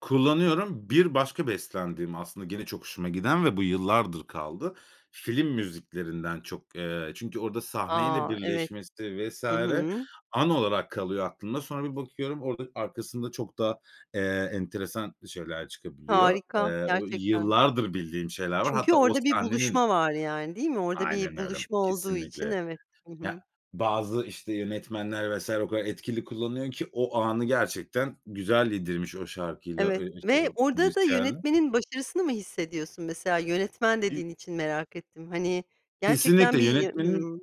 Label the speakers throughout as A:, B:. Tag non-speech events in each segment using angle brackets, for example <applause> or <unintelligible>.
A: Kullanıyorum. Bir başka beslendiğim aslında gene çok hoşuma giden ve bu yıllardır kaldı. Film müziklerinden çok, eee, çünkü orada sahneyle
B: A, evet.
A: birleşmesi vs.
B: Hı hı.
A: an olarak kalıyor aklımda. Sonra bir bakıyorum orada arkasında çok da, eee, enteresan şeyler çıkabiliyor.
B: Harika,
A: Eee, o
B: gerçekten.
A: yıllardır bildiğim şeyler var.
B: Çünkü
A: Hatta o
B: orada bir
A: sahnenin
B: buluşma var yani değil mi? Orada
A: Aynen
B: bir
A: öyle
B: buluşma olduğu için
A: kesinlikle.
B: evet. Hı
A: Ya,
B: hı.
A: bazı, işte, yönetmenler vs. o kadar etkili kullanıyor ki o anı gerçekten güzel yedirmiş o şarkıyla,
B: Evet
A: eee, işte,
B: ve
A: o
B: orada da
A: müzisyenle.
B: yönetmenin başarısını mı hissediyorsun? Mesela yönetmen
A: <unintelligible>
B: dediğin için merak ettim. Hani,
A: Kesinlikle
B: gerçekten bir, ya
A: yönetmenin
B: Hımm.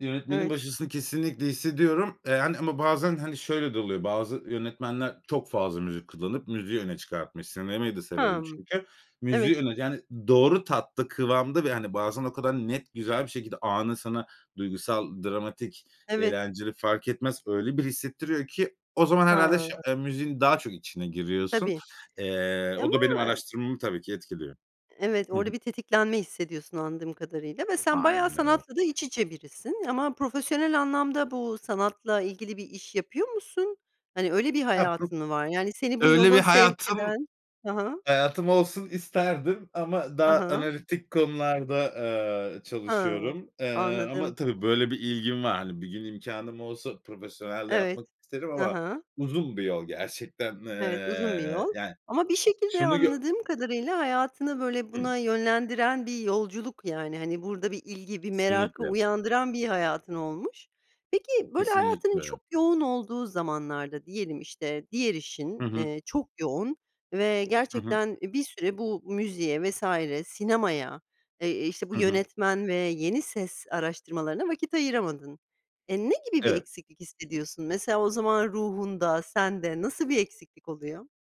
A: yönetmenin
B: Evet.
A: başarısını kesinlikle hissediyorum. Eee, hani, ama bazen, hani, şöyle, de oluyor, bazı yönetmenler çok fazla müzik kullanıp müziği öne çıkartmış. Sinemayı da severim
B: Hımm.
A: çünkü.
B: Evet.
A: Müziği öne yani doğru tatta, kıvamda ve, hani, bazen o kadar net güzel bir şekilde anı sana duygusal, dramatik,
B: Evet.
A: eğlenceli fark etmez. Öyle bir hissettiriyor ki o zaman herhâlde şı
B: Ha.
A: eee, müziğin daha çok içine giriyorsun.
B: Tabii.
A: Eee,
B: Eee,
A: o
B: ama
A: da benim araştırmamı tabii ki etkiliyor.
B: Evet
A: Hı hı.
B: orada bir tetiklenme hissediyorsun anladığım kadarıyla ve sen bayağı
A: Aynı.
B: sanatla da iç içe birisin. Ama profesyonel anlamda bu sanatla ilgili bir iş yapıyor musun? Hani, öyle, bir
A: Hah, hı.
B: hayatın mı var? Yani, seni bu
A: Öyle bir
B: yola sevk
A: hayatım,
B: eden Hı hı.
A: hayatım olsun isterdim ama
B: Hı
A: daha
B: hı.
A: analitik konularda, aaa,
B: Hımm.
A: çalışıyorum. Eee, ama
B: Anladım.
A: tabii, böyle, bir ilgim var. Hani, bir gün imkânım olsa profesyonel de yapmak
B: Evet,
A: isterim
B: Hı
A: ama
B: hı.
A: uzun bir yol gerçekten,
B: Evet uzun bir yol.
A: eee, yani.
B: Ama bir şekilde
A: Şunu gö
B: anladığım kadarıyla hayatını, böyle,
A: Hı.
B: buna yönlendiren bir yolculuk yani, hani, burada bir ilgi, bir merakı
A: Kesinlikle.
B: uyandıran bir hayatın olmuş. Peki, böyle, hayatının çok
A: Kesinlikle.
B: yoğun olduğu zamanlarda diyelim, işte, diğer işin,
A: Hı hı.
B: eee, çok yoğun ve
A: Hı hı.
B: gerçekten, eee, bir süre bu müziğe vs. sinemaya, eee, işte bu
A: Hı hı.
B: yönetmen ve yeni ses araştırmalarına vakit ayıramadın. Eee, ne gibi bir
A: Evet.
B: eksiklik hissediyorsun? Mesela o zaman ruhunda, sende nasıl bir eksiklik oluyor?